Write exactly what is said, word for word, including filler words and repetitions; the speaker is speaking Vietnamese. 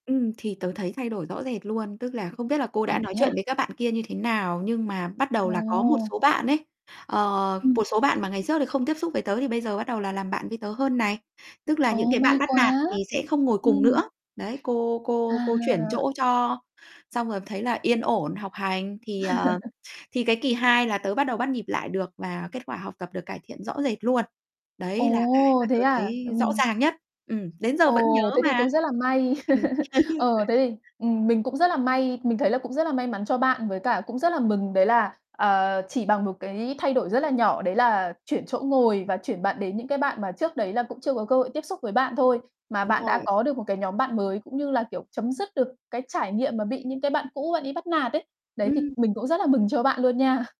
Ừm, thì tớ thấy thay đổi rõ rệt luôn. Tức là không biết là cô À, đã nói thế à. chuyện với các bạn kia như thế nào, nhưng mà bắt đầu là có một Ồ. số bạn ấy, ờ, Ừm. một số bạn mà ngày trước thì không tiếp xúc với tớ thì bây giờ bắt đầu là làm bạn với tớ hơn này. Tức là những Ồ, cái bạn may bắt quá, nạt thì sẽ không ngồi cùng nữa. ừm. Đấy, cô cô cô chuyển À. chỗ cho xong rồi thấy là yên ổn học hành thì, ờ, thì cái kỳ hai là tớ bắt đầu bắt nhịp lại được và kết quả học tập được cải thiện rõ rệt luôn. Đấy là cái Ồ, mà thế tớ à, thấy rõ ừm. ràng nhất. Ừm, đến giờ vẫn nhớ Ồ, thế thì mà. cũng rất là may. Ừm. Ờ, thế thì, ừm, [unintelligible] mình cũng rất là may mình thấy là cũng rất là may mắn cho bạn. Với cả cũng rất là mừng đấy là, ờ, chỉ bằng một cái thay đổi rất là nhỏ, đấy là chuyển chỗ ngồi và chuyển bạn đến những cái bạn mà trước đấy là cũng chưa có cơ hội tiếp xúc với bạn thôi, mà Đúng bạn đã rồi. có được một cái nhóm bạn mới, cũng như là, kiểu, chấm dứt được cái trải nghiệm mà bị những cái bạn cũ bạn ấy bắt nạt ấy. Đấy, thì Ừm. mình cũng rất là mừng cho bạn luôn nha.